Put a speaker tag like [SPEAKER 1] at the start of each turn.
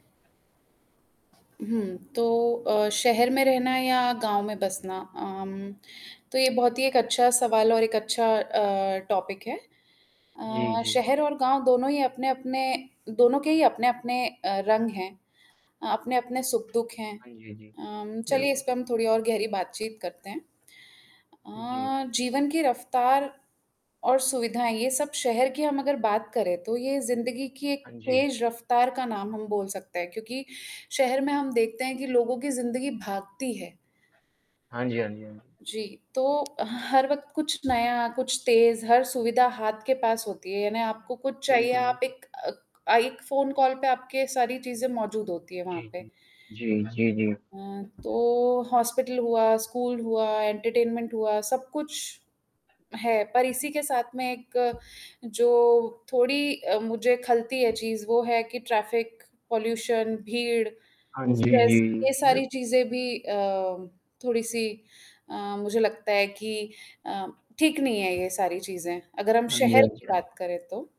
[SPEAKER 1] हुँ। तो अ, शहर में रहना या गाँव में बसना अम, तो ये बहुत ही एक अच्छा सवाल और एक अच्छा अ, टॉपिक है
[SPEAKER 2] जी,
[SPEAKER 1] अ,
[SPEAKER 2] जी।
[SPEAKER 1] शहर और गाँव दोनों ही अपने-अपने दोनों के ही अपने-अपने अ, रंग हैं अ, अपने-अपने सुख दुख हैं
[SPEAKER 2] हाँ जी, जी,
[SPEAKER 1] अम, चलिए इस
[SPEAKER 2] बिल्कुल।
[SPEAKER 1] पे हम थोड़ी और गहरी बातचीत करते हैं
[SPEAKER 2] जी।
[SPEAKER 1] अ, जीवन की रफ्तार और सुविधाएँ ये सब शहर की हम अगर बात करें, तो ये ज़िंदगी की एक
[SPEAKER 2] हाँ जी।
[SPEAKER 1] तेज रफ्तार का नाम हम बोल सकते हैं क्योंकि शहर में हम देखते हैं कि लोगों की ज़िंदगी भागती है।
[SPEAKER 2] हाँ जी, हाँ जी, हाँ जी।
[SPEAKER 1] जी, तो हर वक़्त कुछ नया, कुछ तेज़ हर सुविधा हाथ के पास होती है यानी आपको कुछ चाहिए
[SPEAKER 2] बिल्कुल,
[SPEAKER 1] आप
[SPEAKER 2] बिल्कुल।
[SPEAKER 1] एक अक एक फ़ोन कॉल पर आपके सारी चीजें मौजूद होती हैं वहाँ
[SPEAKER 2] जी,
[SPEAKER 1] पे।
[SPEAKER 2] जी, जी, जी, जी।
[SPEAKER 1] अ, तो हॉस्पिटल हुआ, स्कूल हुआ, एंटरटेनमेंट हुआ, सब कुछ है, पर इसी के साथ में एक जो थोड़ी मुझे खलती है चीज़ वो है कि ट्रैफिक, पॉल्यूशन, भीड़,
[SPEAKER 2] हाँ जी,
[SPEAKER 1] स्ट्रेस ये
[SPEAKER 2] जी।
[SPEAKER 1] सारी चीज़ें भी अ, थोड़ी सी अ, मुझे लगता है कि अ, ठीक नहीं है ये सारी चीज़ें अगर हम
[SPEAKER 2] हाँ जी,
[SPEAKER 1] शहर
[SPEAKER 2] हाँ
[SPEAKER 1] की
[SPEAKER 2] जी, हाँ जी।
[SPEAKER 1] बात करें तो।